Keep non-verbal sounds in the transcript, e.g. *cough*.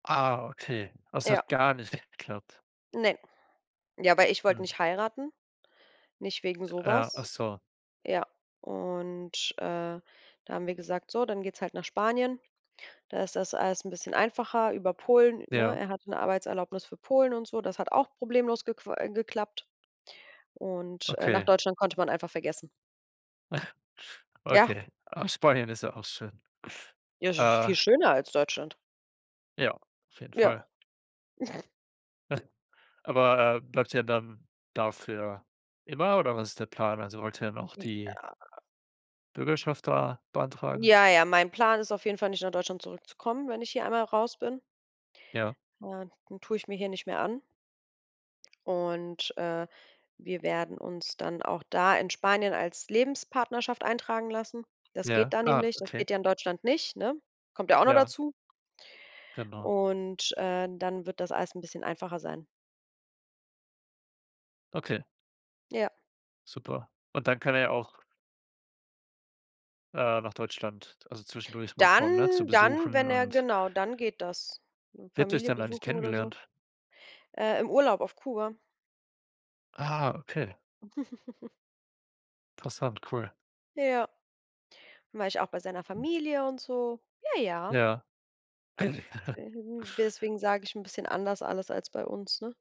Ah, okay. Es Ja. hat gar nicht geklappt. Ne. Ja, weil ich wollte Hm. nicht heiraten, nicht wegen so Äh, ach was. so. Ja, und, äh, da haben wir gesagt: „So, dann geht's halt nach Spanien, da ist das alles bisschen einfacher.“ Über Polen, ne Ja. er hatte 'ne Arbeitserlaubnis für Polen und so, das hat auch problemlos gequa äh, geklappt und, äh, nach Okay. Deutschland konnte man einfach vergessen. *snorts* Ja. Okay. Aber Spanien ist ja auch schön. Ja, das ist Äh viel schöner als Deutschland. Ja, auf jeden Ja. Fall. *snorts* *snorts* Aber, äh, bleibt ihr ja dann da für immer oder was ist der Plan? Also, wollt ihr dann auch die Ja. Bürgerschaft da beantragen? Ja, ja, mein Plan ist auf jeden Fall, nicht nach Deutschland zurückzukommen, wenn ich hier einmal raus bin. Ja. *unintelligible* tue ich mir hier nicht mehr an und, äh, wir werden uns dann auch da in Spanien als Lebenspartnerschaft eintragen lassen. Das Ja, geht da ah, nämlich, das okay. geht ja in Deutschland nicht, ne? Kommt ja auch noch Ja. dazu. Genau. Und, äh, dann wird das alles bisschen einfacher sein. Okay. Ja. Super, und dann kann er ja auch äh, nach Deutschland, also zwischendurch mal kommen, ne? Zu Dann dann, besuchen wenn er und genau, dann geht das. Wie habt ihr euch Familie denn eigentlich besuchen oder so. kennengelernt? Äh, im Urlaub auf Kuba. Ah, okay. *chuckles* Interessant, cool. Ja. Dann war ich auch bei seiner Familie und so? Ja, ja. Ja. *chuckles* Äh, deswegen sage ich 'n bisschen anders alles als bei uns, ne?